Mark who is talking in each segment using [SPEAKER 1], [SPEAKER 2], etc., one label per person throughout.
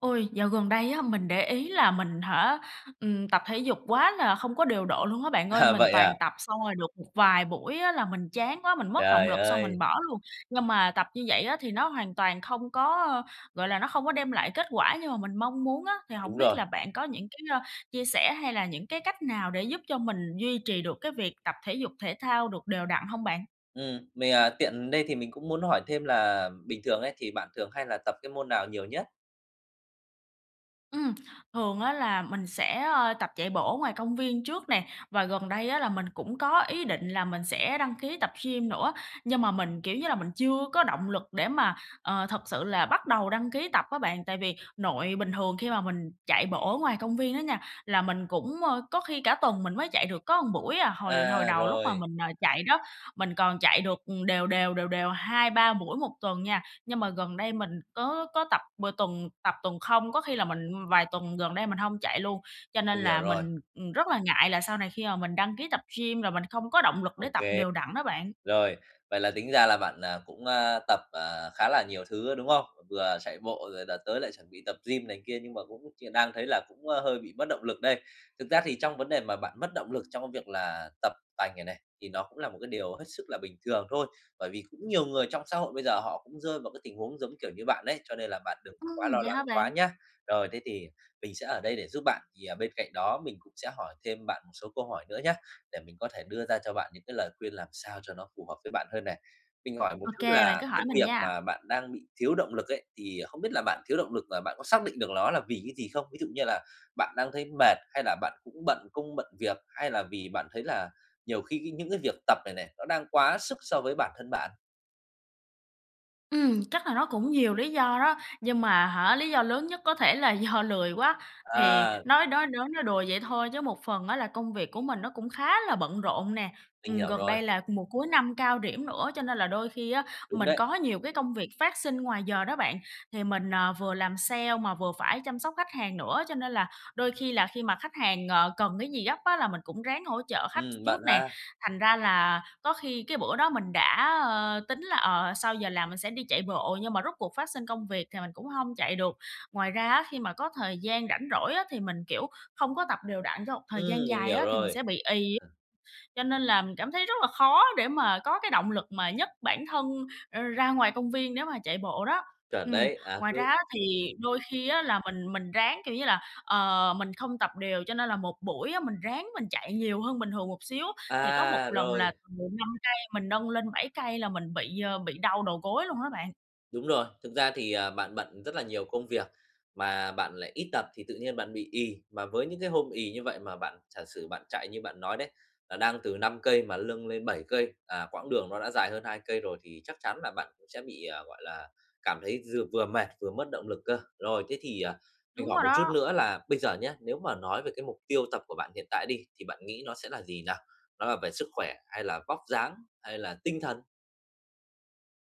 [SPEAKER 1] Ôi, dạo gần đây á mình để ý là mình hả, ừm, tập thể dục quá là không có điều độ luôn á bạn ơi.
[SPEAKER 2] À,
[SPEAKER 1] Mình
[SPEAKER 2] vậy à?
[SPEAKER 1] toàn tập xong rồi được một vài buổi á là mình chán quá, mình mất động
[SPEAKER 2] Trời
[SPEAKER 1] lực xong mình
[SPEAKER 2] ơi.
[SPEAKER 1] bỏ luôn. Nhưng mà tập như vậy á thì nó hoàn toàn không có, a, gọi là, nó không có đem lại kết quả như mà mình mong muốn á, thì hổng
[SPEAKER 2] Đúng
[SPEAKER 1] biết
[SPEAKER 2] rồi.
[SPEAKER 1] là bạn có những cái, a, chia sẻ, hay là những cái cách nào để giúp cho mình duy trì được cái việc tập thể dục, thể thao được đều đặn hông bạn?
[SPEAKER 2] Ừm, mình, ờ, tiện đây thì mình cũng muốn hỏi thêm là bình thường ấy thì bạn thường hay là tập cái môn nào nhiều nhất?
[SPEAKER 1] Ừm, thường á là mình sẽ, ờ, tập chạy bộ ở ngoài công viên trước nè, và gần đây á là mình cũng có ý định là mình sẽ đăng ký tập gym nữa, nhưng mà mình, kiểu như là, mình chưa có động lực để mà, ờ, thật sự là bắt đầu đăng ký tập á bạn. Tại vì nội bình thường khi mà mình chạy bộ ở ngoài công viên á nha, là mình cũng, ơ, có khi cả tuần mình mới chạy được có buổi à. Hồi hồi
[SPEAKER 2] À,
[SPEAKER 1] đầu, lúc mà
[SPEAKER 2] rồi.
[SPEAKER 1] mình, ờ, chạy đó, mình còn chạy được, ừm, đều đều, đều đều 2-3 buổi 1 tuần nha, nhưng mà gần đây, mình có có tập bừa tuần tập, tuần không, có khi là mình, ưm, vài tuần gần đây mình hông chạy luôn. Cho nên
[SPEAKER 2] Mình hiểu
[SPEAKER 1] là
[SPEAKER 2] rồi.
[SPEAKER 1] mình, ừm, rất là ngại là sau này khi mà mình đăng ký tập gym là mình không có động lực
[SPEAKER 2] Ô
[SPEAKER 1] để tập
[SPEAKER 2] kê.
[SPEAKER 1] đều đặn đó bạn.
[SPEAKER 2] Rồi, vậy là tính ra là bạn, à, cũng, a, tập, à, khá là nhiều thứ á, đúng không? Vừa chạy bộ, rồi là tới lại chuẩn bị tập gym này kia, nhưng mà có một chuyện đang thấy là cũng, ơ, hơi bị mất động lực đây. Thực ra thì trong vấn đề mà bạn mất động lực trong cái việc là tập tành này này, thì nó cũng là một cái điều hết sức là bình thường thôi. Bởi vì cũng nhiều người trong xã hội bây giờ họ cũng rơi vào cái tình huống giống, kiểu, như bạn ấy, cho nên là bạn đừng
[SPEAKER 1] Ừm,
[SPEAKER 2] quá lo
[SPEAKER 1] vậy
[SPEAKER 2] lắng
[SPEAKER 1] hả
[SPEAKER 2] quá
[SPEAKER 1] bạn?
[SPEAKER 2] nhá. Rồi, thế thì mình sẽ ở đây để giúp bạn, thì, ờ, bên cạnh đó mình cũng sẽ hỏi thêm bạn một số câu hỏi nữa nhá để mình có thể đưa ra cho bạn những cái lời khuyên làm sao cho nó phù hợp với bạn hơn này. Mình hỏi một
[SPEAKER 1] Ô
[SPEAKER 2] chút
[SPEAKER 1] kê, bạn
[SPEAKER 2] là
[SPEAKER 1] cứ
[SPEAKER 2] cái
[SPEAKER 1] hỏi mình
[SPEAKER 2] việc
[SPEAKER 1] nha.
[SPEAKER 2] mà bạn đang bị thiếu động lực ấy, thì, ờ, không biết là bạn thiếu động lực là bạn có xác định được ló là vì cái gì không? Ví dụ như là bạn đang thấy mệt, hay là bạn cũng bận công, bận việc? Hay là vì bạn thấy là nhiều khi những cái việc tập này này nó đang quá sức so với bản thân bạn?
[SPEAKER 1] Ừm, chắc là nó cũng nhiều lý do đó, nhưng mà hả, lý do lớn nhất có thể là do lười quá. Thì
[SPEAKER 2] Ờ.
[SPEAKER 1] nói đói nói nói đùa vậy thôi chứ một phần á là công việc của mình nó cũng khá là bận rộn nè.
[SPEAKER 2] Mình
[SPEAKER 1] Ừm,
[SPEAKER 2] hiểu
[SPEAKER 1] gần
[SPEAKER 2] rồi.
[SPEAKER 1] đây là mùa cuối năm cao điểm nữa cho nên là đôi khi á
[SPEAKER 2] Đúng
[SPEAKER 1] mình
[SPEAKER 2] đấy.
[SPEAKER 1] có nhiều cái công việc phát sinh ngoài giờ đó bạn. Thì mình, ờ, vừa làm sale mà vừa phải chăm sóc khách hàng nữa, cho nên là đôi khi là khi mà khách hàng, ờ, cần cái gì gấp á là mình cũng ráng hỗ trợ khách s
[SPEAKER 2] Ừm, bận
[SPEAKER 1] trước nè.
[SPEAKER 2] ha.
[SPEAKER 1] Thành ra là có khi cái bữa đó mình đã, ơ, tính là, ờ, sau giờ làm mình sẽ đi chạy bộ, nhưng mà rốt cuộc phát sinh công việc thì mình cũng hông chạy được. Ngoài ra á khi mà có thời gian rảnh rỗi á thì mình, kiểu, không có tập đều đặn cho một thời gian
[SPEAKER 2] Ừm, mình
[SPEAKER 1] dài
[SPEAKER 2] hiểu
[SPEAKER 1] á thì mình
[SPEAKER 2] rồi.
[SPEAKER 1] sẽ bị ì. Cho nên là mình cảm thấy rất là khó để mà có cái động lực mà nhấc bản thân, ơ, ra ngoài công viên nếu mà chạy bộ đó.
[SPEAKER 2] Chuẩn
[SPEAKER 1] Ừm,
[SPEAKER 2] đấy, à,
[SPEAKER 1] ngoài ra
[SPEAKER 2] cứ
[SPEAKER 1] á thì
[SPEAKER 2] ừm.
[SPEAKER 1] đôi khi á là mình mình ráng, kiểu như là, ờ, mình không tập đều cho nên là một buổi á mình ráng mình chạy nhiều hơn bình thường một xíu. Thì có một
[SPEAKER 2] À!
[SPEAKER 1] lần là
[SPEAKER 2] Rồi.
[SPEAKER 1] từ 5 cây mình nâng lên 7 cây là mình bị, ơ, bị đau đầu gối luôn á bạn.
[SPEAKER 2] Đúng rồi. Thực ra thì, à, bạn bận rất là nhiều công việc, mà bạn lại ít tập thì tự nhiên bạn bị ì. Mà với những cái hôm ì như vậy mà bạn giả sử bạn chạy như bạn nói đấy, à, đang từ 5 cây mà lâng lên 7 cây, à, quãng đường nó đã dài hơn 2 cây rồi thì chắc chắn là bạn cũng sẽ bị, ờ, gọi là, cảm thấy giừa vừa mệt, vừa mất động lực cơ. Rồi, thế thì, à, mình
[SPEAKER 1] Đúng
[SPEAKER 2] hỏi
[SPEAKER 1] rồi
[SPEAKER 2] một chút
[SPEAKER 1] đó!
[SPEAKER 2] nữa là bây giờ nhớ, nếu mà nói về cái mục tiêu tập của bạn hiện tại đi, thì bạn nghĩ nó sẽ là gì nào? Nó là về sức khỏe, hay là vóc dáng, hay là tinh thần?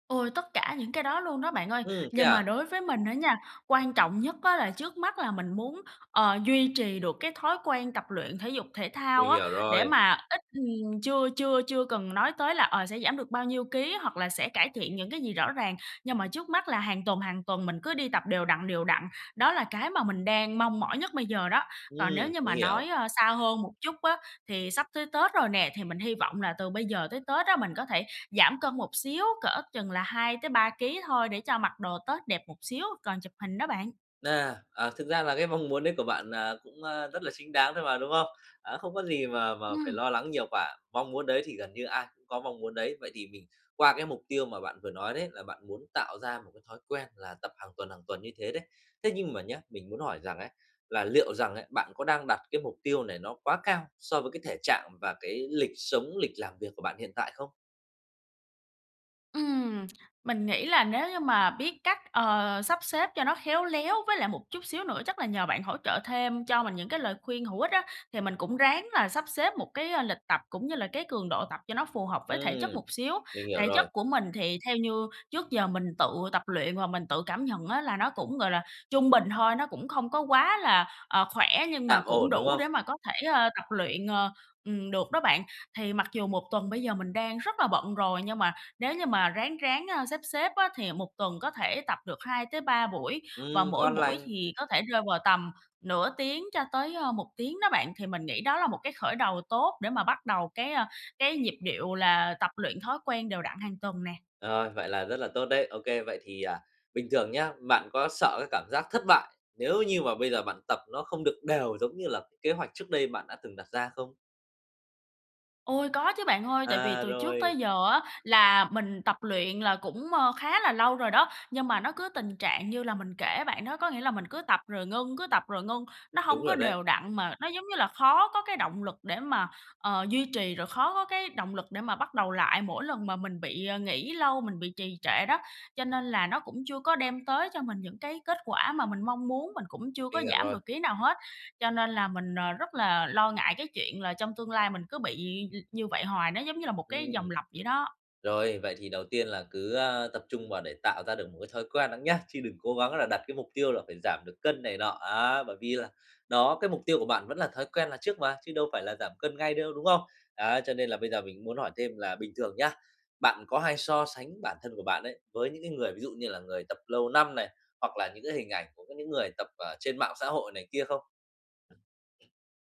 [SPEAKER 1] Ôi, tất cả những cái đó luôn đó bạn ơi.
[SPEAKER 2] Ừm, thế
[SPEAKER 1] Nhưng mà
[SPEAKER 2] à?
[SPEAKER 1] đối với mình á nha, quan trọng nhất á là trước mắt là mình muốn, ờ, duy trì được cái thói quen tập luyện thể dục thể thao
[SPEAKER 2] Mình
[SPEAKER 1] á.
[SPEAKER 2] hiểu
[SPEAKER 1] Để
[SPEAKER 2] rồi.
[SPEAKER 1] mà ít, ừm chưa chưa chưa cần nói tới là, ờ, sẽ giảm được bao nhiêu ký, hoặc là sẽ cải thiện những cái gì rõ ràng, nhưng mà trước mắt là hàng tuần, hàng tuần mình cứ đi tập đều đặn, đều đặn, đó là cái mà mình đang mong mỏi nhất bây giờ đó. Còn nếu
[SPEAKER 2] Ừm,
[SPEAKER 1] như
[SPEAKER 2] mình
[SPEAKER 1] mà
[SPEAKER 2] hiểu.
[SPEAKER 1] nói, ơ, xa hơn một chút á thì sắp tới Tết rồi nè, thì mình hy vọng là từ bây giờ tới Tết á mình có thể giảm cân một xíu, cỡ chừng là 2-3 ký thôi, để cho mặc đồ Tết đẹp một xíu còn chụp hình đó bạn.
[SPEAKER 2] Nè, à, thực ra là cái mong muốn đấy của bạn, à, cũng, a, rất là chính đáng thôi mà, đúng không? À, không có gì mà mà phải
[SPEAKER 1] Ừm.
[SPEAKER 2] lo lắng nhiều quả, mong muốn đấy thì gần như ai cũng có mong muốn đấy. Vậy thì mình qua cái mục tiêu mà bạn vừa nói đấy, là bạn muốn tạo ra một cái thói quen là tập hàng tuần, hàng tuần như thế đấy. Thế nhưng mà nhá, mình muốn hỏi rằng ấy là liệu rằng ấy, bạn có đang đặt cái mục tiêu này nó quá cao so với cái thể trạng và cái lịch sống, lịch làm việc của bạn hiện tại không?
[SPEAKER 1] Ừm, mình nghĩ là nếu như mà biết cách, ờ, sắp xếp cho nó khéo léo, với lại một chút xíu nữa chắc là nhờ bạn hỗ trợ thêm cho mình những cái lời khuyên hữu ích á, thì mình cũng ráng là sắp xếp một cái, a, lịch tập, cũng như là cái cường độ tập cho nó phù hợp với thể chất
[SPEAKER 2] Ừm,
[SPEAKER 1] một xíu.
[SPEAKER 2] mình hiểu
[SPEAKER 1] Thể chất
[SPEAKER 2] rồi.
[SPEAKER 1] của mình thì theo như trước giờ mình tự tập luyện và mình tự cảm nhận á là nó cũng, gọi là, trung bình thôi, nó cũng không có quá là, ờ, khỏe, nhưng mà
[SPEAKER 2] Tạm
[SPEAKER 1] cũng
[SPEAKER 2] ổn, đúng
[SPEAKER 1] đủ
[SPEAKER 2] không?
[SPEAKER 1] để mà có thể, ờ, tập luyện, ờ, ừm, được đó bạn. Thì mặc dù 1 tuần bây giờ mình đang rất là bận rồi, nhưng mà nếu như mà ráng ráng, a, xếp xếp á, thì 1 tuần có thể tập được 2-3 buổi, và
[SPEAKER 2] Ừm,
[SPEAKER 1] mỗi
[SPEAKER 2] ngon
[SPEAKER 1] buổi
[SPEAKER 2] lành.
[SPEAKER 1] thì có thể rơi vào tầm nửa tiếng cho tới, ơ, 1 tiếng đó bạn. Thì mình nghĩ đó là một cái khởi đầu tốt để mà bắt đầu cái, a, cái nhịp điệu là tập luyện thói quen đều đặn hàng tuần nè.
[SPEAKER 2] Rồi, vậy là rất là tốt đấy, OK, vậy thì, à, bình thường nhá, bạn có sợ cái cảm giác thất bại, nếu như mà bây giờ bạn tập nó không được đều giống như là kế hoạch trước đây bạn đã từng đặt ra không?
[SPEAKER 1] Ôi, có chứ bạn ơi. Tại vì
[SPEAKER 2] À,
[SPEAKER 1] từ trước tới
[SPEAKER 2] rồi.
[SPEAKER 1] giờ á là mình tập luyện là cũng, ờ, khá là lâu rồi đó, nhưng mà nó cứ tình trạng như là mình kể bạn đó, có nghĩa là mình cứ tập rồi ngưng, cứ tập rồi ngưng, nó hông
[SPEAKER 2] Đúng
[SPEAKER 1] có
[SPEAKER 2] rồi đấy.
[SPEAKER 1] đều đặn, mà nó, giống như là, khó có cái động lực để mà, ờ, duy trì, rồi khó có cái động lực để mà bắt đầu lại mỗi lần mà mình bị, ờ, nghỉ lâu, mình bị trì trệ đó. Cho nên là nó cũng chưa có đem tới cho mình những cái kết quả mà mình mong muốn, mình cũng chưa có
[SPEAKER 2] Mình hiểu
[SPEAKER 1] giảm
[SPEAKER 2] rồi.
[SPEAKER 1] được ký nào hết, cho nên là mình, ờ, rất là lo ngại cái chuyện là trong tương lai mình cứ bị l như vậy hoài, nó giống như là một cái
[SPEAKER 2] Ừm.
[SPEAKER 1] vòng lặp vậy đó.
[SPEAKER 2] Rồi, vậy thì đầu tiên là cứ, a, tập trung vào để tạo ra được một cái thói quen đã nhá, chứ đừng cố gắng là đặt cái mục tiêu là phải giảm được cân này nọ, á, bởi vì là, đó, cái mục tiêu của bạn vẫn là thói quen là trước mà, chứ đâu phải là giảm cân ngay đâu, đúng không? Á, cho nên là bây giờ mình cũng muốn hỏi thêm là bình thường nhá, bạn có hay so sánh bản thân của bạn ấy với những cái người, ví dụ như là người tập lâu năm này, hoặc là những cái hình ảnh của có những người tập ở trên mạng xã hội này kia không?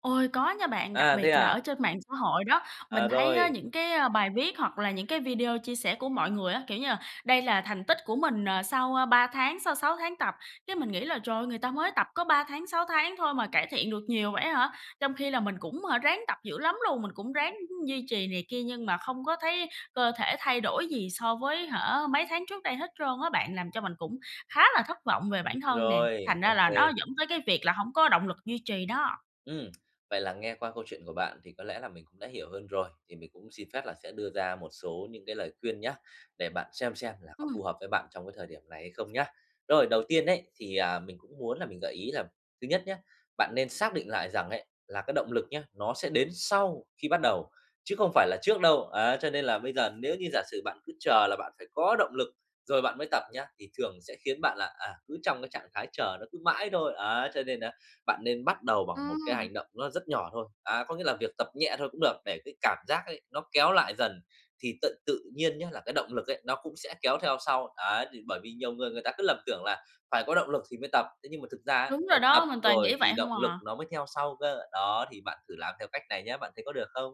[SPEAKER 1] Ôi, có nha bạn, đặc
[SPEAKER 2] À, thế
[SPEAKER 1] biệt là
[SPEAKER 2] à?
[SPEAKER 1] ở trên mạng xã hội đó.
[SPEAKER 2] À,
[SPEAKER 1] Mình thấy á,
[SPEAKER 2] rồi.
[SPEAKER 1] những cái, ơ, bài viết hoặc là những cái video chia sẻ của mọi người á, kiểu như là: "Đây là thành tích của mình, ờ, sau, ơ, 3 tháng, sau 6 tháng tập." Cái mình nghĩ là "Trời ơi! Người ta mới tập có 3 tháng, 6 tháng thôi mà cải thiện được nhiều vậy ấy hả?" Trong khi là mình cũng, hả, ráng tập dữ lắm luôn, mình cũng ráng, ưm, duy trì này kia nhưng mà không có thấy cơ thể thay đổi gì so với, hả, mấy tháng trước đây hết trơn á bạn, làm cho mình cũng khá là thất vọng về bản thân nè,
[SPEAKER 2] Rồi,
[SPEAKER 1] thành ra
[SPEAKER 2] OK.
[SPEAKER 1] là nó dẫn tới cái việc là hổng có động lực duy trì đó.
[SPEAKER 2] Ừm, vậy là nghe qua câu chuyện của bạn thì có lẽ là mình cũng đã hiểu hơn rồi, thì mình cũng xin phép là sẽ đưa ra một số những cái lời khuyên nhá, để bạn xem xem là có
[SPEAKER 1] Ừm.
[SPEAKER 2] phù hợp với bạn trong cái thời điểm này hay không nhá. Rồi, đầu tiên ấy thì, à, mình cũng muốn là mình gợi ý là thứ nhất nhá, bạn nên xác định lại rằng ấy là cái động lực nhé, nó sẽ đến sau khi bắt đầu, chứ không phải là trước đâu. Á, cho nên là bây giờ nếu như giả sử bạn cứ chờ là bạn phải có động lực rồi bạn mới tập nhá, thì thường sẽ khiến bạn là, à, cứ trong cái trạng thái chờ, nó cứ mãi thôi, ấy. Cho nên á, bạn nên bắt đầu bằng một cái
[SPEAKER 1] Ừm.
[SPEAKER 2] hành động nó rất nhỏ thôi, à, có nghĩa là việc tập nhẹ thôi cũng được, để cái cảm giác ấy nó kéo lại dần, thì tận tự nhiên nhá là cái động lực ấy nó cũng sẽ kéo theo sau, ấy. Thì bởi vì nhiều người, người ta cứ lầm tưởng là phải có động lực thì mới tập, thế nhưng mà thực ra ấy,
[SPEAKER 1] Đúng
[SPEAKER 2] phải
[SPEAKER 1] rồi
[SPEAKER 2] tập
[SPEAKER 1] đó, mình toàn nghĩ
[SPEAKER 2] rồi thì
[SPEAKER 1] vậy hông
[SPEAKER 2] động lực
[SPEAKER 1] à.
[SPEAKER 2] nó mới theo sau cơ, đó. Thì bạn thử làm theo cách này nhá, bạn thấy có được không?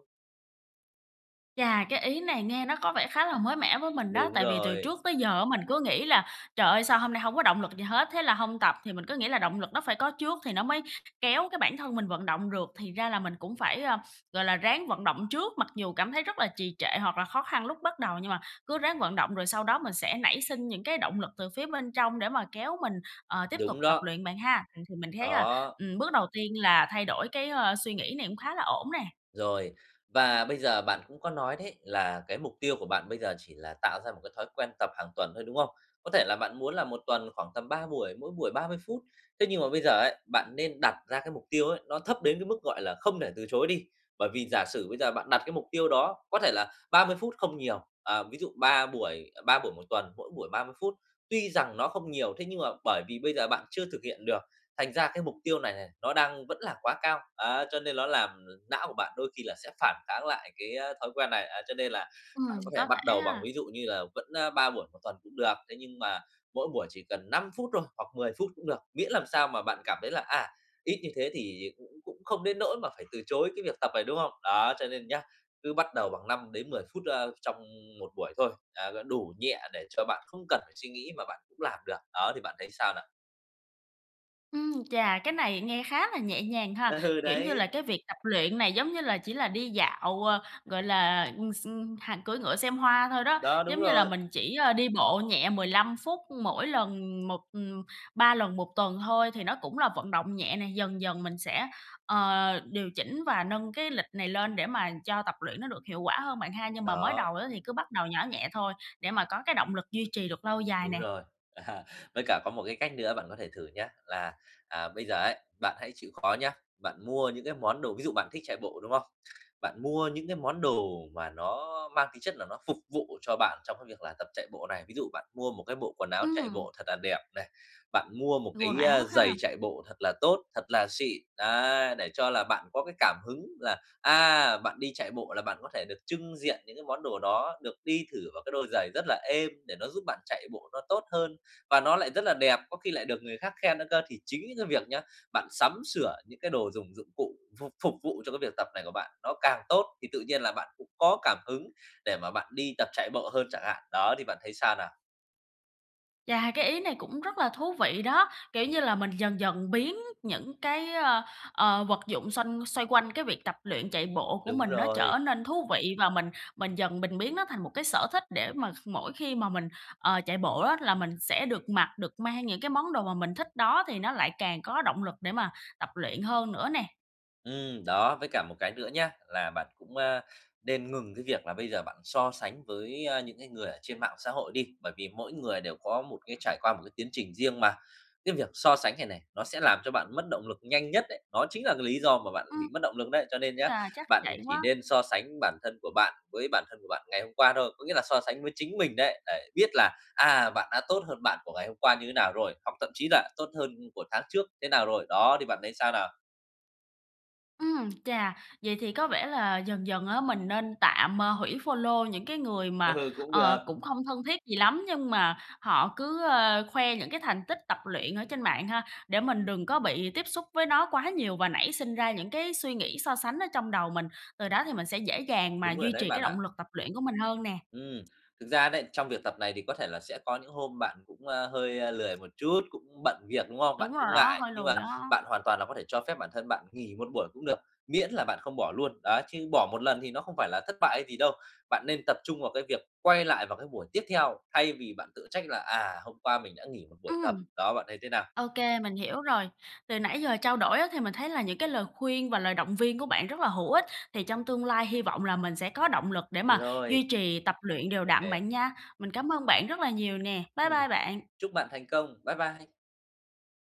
[SPEAKER 1] Chà, cái ý này nghe nó có vẻ khá là mới mẻ với mình á,
[SPEAKER 2] Đúng
[SPEAKER 1] tại vì từ
[SPEAKER 2] rồi.
[SPEAKER 1] trước tới giờ á mình cứ nghĩ là "Trời ơi, sao hôm nay hông có động lực gì hết?" Thế là hông tập. Thì mình cứ nghĩ là động lực nó phải có trước thì nó mới kéo cái bản thân mình vận động được, thì ra là mình cũng phải, a, gọi là, ráng vận động trước. Mặc dù cảm thấy rất là trì trệ hoặc là khó khăn lúc bắt đầu, nhưng mà cứ ráng vận động rồi sau đó mình sẽ nảy sinh những cái động lực từ phía bên trong để mà kéo mình, ờ, tiếp tục
[SPEAKER 2] Đúng
[SPEAKER 1] tập
[SPEAKER 2] đó.
[SPEAKER 1] luyện bạn ha? Ừm, thì mình thấy là,
[SPEAKER 2] Đó.
[SPEAKER 1] ừm, bước đầu tiên là thay đổi cái, ơ, suy nghĩ này cũng khá là ổn nè.
[SPEAKER 2] Rồi, và bây giờ bạn cũng có nói đấy, là cái mục tiêu của bạn bây giờ chỉ là tạo ra một cái thói quen tập hàng tuần thôi, đúng không? Có thể là bạn muốn là 1 tuần khoảng tầm 3 buổi, mỗi buổi 30 phút, thế nhưng mà bây giờ ấy, bạn nên đặt ra cái mục tiêu ấy nó thấp đến cái mức, gọi là, không thể từ chối đi. Bởi vì giả sử bây giờ bạn
[SPEAKER 1] Ừm.
[SPEAKER 2] đặt cái mục tiêu đó, có thể là 30 phút không nhiều, ờ, ví dụ 3 buổi, ờ, 3 buổi 1 tuần, mỗi buổi 30 phút, tuy rằng nó không nhiều, thế nhưng mà bởi vì bây giờ bạn chưa thực hiện được, thành ra cái mục tiêu này này, nó đang vẫn là quá cao, á, cho nên ló làm, ờ, não của bạn đôi khi là sẽ phản kháng lại cái, a, thói quen này. À, cho nên là bạn
[SPEAKER 1] Ừm,
[SPEAKER 2] có thể
[SPEAKER 1] có
[SPEAKER 2] mắt
[SPEAKER 1] thể
[SPEAKER 2] đầu bằng,
[SPEAKER 1] ha?
[SPEAKER 2] ví dụ như là vẫn, a, 3 buổi một tuần cũng được, thế nhưng mà mỗi buổi chỉ cần 5 phút thôi, hoặc 10 phút cũng được, miễn làm sao mà bạn cảm thấy là, à, ít như thế thì cũng cũng không đến nỗi mà phải từ chối cái việc tập này, đúng không? Đó, cho nên nhá, cứ bắt đầu bằng 5-10 phút, a, trong 1 buổi thôi, à, g đủ nhẹ để cho bạn không cần phải suy nghĩ mà bạn cũng làm được. Đó, thì bạn thấy sao nào?
[SPEAKER 1] Ưm, chà, cái này nghe khá là nhẹ nhàng ha?
[SPEAKER 2] Ừ,
[SPEAKER 1] Kiểu như là,
[SPEAKER 2] đấy.
[SPEAKER 1] cái việc tập luyện này, giống như là, chỉ là đi dạo, ờ, gọi là, ừm, x ừm, hạ cưỡi ngựa xem hoa thôi đó.
[SPEAKER 2] Đó, đúng
[SPEAKER 1] Giống như là
[SPEAKER 2] rồi.
[SPEAKER 1] mình chỉ, ơ, đi bộ nhẹ 15 phút mỗi lần một ừm, 3 lần 1 tuần thôi thì nó cũng là vận động nhẹ nè, dần dần mình sẽ, ờ, điều chỉnh và nâng cái lịch này lên để mà cho tập luyện nó được hiệu quả hơn bạn ha? Nhưng mà mới
[SPEAKER 2] Đó.
[SPEAKER 1] đầu á, thì cứ bắt đầu nhỏ nhẹ thôi, để mà có cái động lực duy trì được lâu dài
[SPEAKER 2] Đúng
[SPEAKER 1] nè.
[SPEAKER 2] rồi. À, với cả có một cái cách nữa bạn có thể thử nhá, là, à, bây giờ ấy, bạn hãy chịu khó nhá, bạn mua những cái món đồ, ví dụ bạn thích chạy bộ, đúng không? Bạn mua những cái món đồ mà nó mang tính chất là nó phục vụ cho bạn trong cái việc là tập chạy bộ này. Ví dụ bạn mua một cái bộ quần áo chạy
[SPEAKER 1] Ừm.
[SPEAKER 2] bộ thật là đẹp này, bạn mua một
[SPEAKER 1] Quần
[SPEAKER 2] cái,
[SPEAKER 1] áo
[SPEAKER 2] ơ, giày
[SPEAKER 1] ha?
[SPEAKER 2] chạy bộ thật là tốt, thật là xịn, đấy! Để cho là bạn có cái cảm hứng là, à, bạn đi chạy bộ là bạn có thể được chưng diện những cái món đồ đó, được đi thử vào cái đôi giày rất là êm, để nó giúp bạn chạy bộ nó tốt hơn, và nó lại rất là đẹp, có khi lại được người khác khen nữa cơ. Thì chính những cái việc nhá, bạn sắm sửa những cái đồ dùng, dụng cụ phục phục vụ cho cái việc tập này của bạn nó càng tốt thì tự nhiên là bạn cũng có cảm hứng để mà bạn đi tập chạy bộ hơn chẳng hạn. Đó, thì bạn thấy sao nào?
[SPEAKER 1] Chà, cái ý này cũng rất là thú vị đó. Kiểu như là, mình dần dần biến những cái, ơ, ờ, vật dụng xanh xoay quanh cái việc tập luyện, chạy bộ của
[SPEAKER 2] Đúng
[SPEAKER 1] mình nó trở
[SPEAKER 2] rồi.
[SPEAKER 1] nên thú vị, và mình mình dần mình biến nó thành một cái sở thích để mà kh mỗi khi mà mình, ờ, chạy bộ á là mình sẽ được mặc, được mang những cái món đồ mà mình thích đó, thì nó lại càng có động lực để mà tập luyện hơn nữa nè.
[SPEAKER 2] Ừm, đó, với cả một cái nữa nhá, là bạn cũng, a, nên ngừng cái việc là bây giờ bạn so sánh với, a, những cái người ở trên mạng xã hội đi, bởi vì mỗi người đều có một cái trải qua một cái tiến trình riêng mà. Cái việc so sánh này này, nó sẽ làm cho bạn mất động lực nhanh nhất đấy, nó chính là cái lý do mà bạn
[SPEAKER 1] Ừm.
[SPEAKER 2] bị mất động lực đấy. Cho nên nhá,
[SPEAKER 1] Chà, chắc
[SPEAKER 2] bạn
[SPEAKER 1] vậy
[SPEAKER 2] chỉ
[SPEAKER 1] quá.
[SPEAKER 2] nên so sánh bản thân của bạn với bản thân của bạn ngày hôm qua thôi, có nghĩa là so sánh với chính mình đấy, để biết là, à, bạn đã tốt hơn bạn của ngày hôm qua như thế nào rồi, hoặc thậm chí là tốt hơn, ưm, của tháng trước thế nào rồi. Đó, thì bạn thấy sao nào?
[SPEAKER 1] Ừm, chà, vậy thì có vẻ là dần dần á mình nên tạm, à, hủy follow những cái người mà,
[SPEAKER 2] Ừ, cũng được.
[SPEAKER 1] ờ, cũng không thân thiết gì lắm, nhưng mà họ cứ, ơ, khoe những cái thành tích tập luyện ở trên mạng ha? Để mình đừng có bị tiếp xúc với nó quá nhiều và nảy sinh ra những cái suy nghĩ so sánh ở trong đầu mình, từ đó thì mình sẽ dễ dàng mà
[SPEAKER 2] Đúng rồi
[SPEAKER 1] duy
[SPEAKER 2] đấy
[SPEAKER 1] trì cái
[SPEAKER 2] bạn ạ.
[SPEAKER 1] động lực tập luyện của mình hơn nè.
[SPEAKER 2] Ừm, thực ra đấy, trong việc tập này thì có thể là sẽ có những hôm bạn cũng, a, hơi, a, lười một chút, cũng bận việc, đúng không? Bạn
[SPEAKER 1] Đúng rồi
[SPEAKER 2] cũng
[SPEAKER 1] đó,
[SPEAKER 2] ngại,
[SPEAKER 1] hơi
[SPEAKER 2] nhưng mà
[SPEAKER 1] lười đó.
[SPEAKER 2] bạn hoàn toàn là có thể cho phép bản thân bạn nghỉ 1 buổi cũng được, miễn là bạn không bỏ luôn. Đó, chứ bỏ một lần thì nó không phải là thất bại hay gì đâu, bạn nên tập trung vào cái việc quay lại vào cái buổi tiếp theo thay vì bạn tự trách là "À, hôm qua mình đã nghỉ 1 buổi tập."
[SPEAKER 1] Ừm.
[SPEAKER 2] Đó, bạn thấy thế nào?
[SPEAKER 1] Ô kê, mình hiểu rồi. Từ nãy giờ trao đổi á, thì mình thấy là những cái lời khuyên và lời động viên của bạn rất là hữu ích, thì trong tương lai hy vọng là mình sẽ có động lực để mà
[SPEAKER 2] Rồi.
[SPEAKER 1] duy trì tập luyện đều
[SPEAKER 2] Ô
[SPEAKER 1] đặn
[SPEAKER 2] kê.
[SPEAKER 1] bạn nha. Mình cám ơn bạn rất là nhiều nè. Bye
[SPEAKER 2] Ừm,
[SPEAKER 1] bye bạn!
[SPEAKER 2] chúc bạn thành công. Bye bye.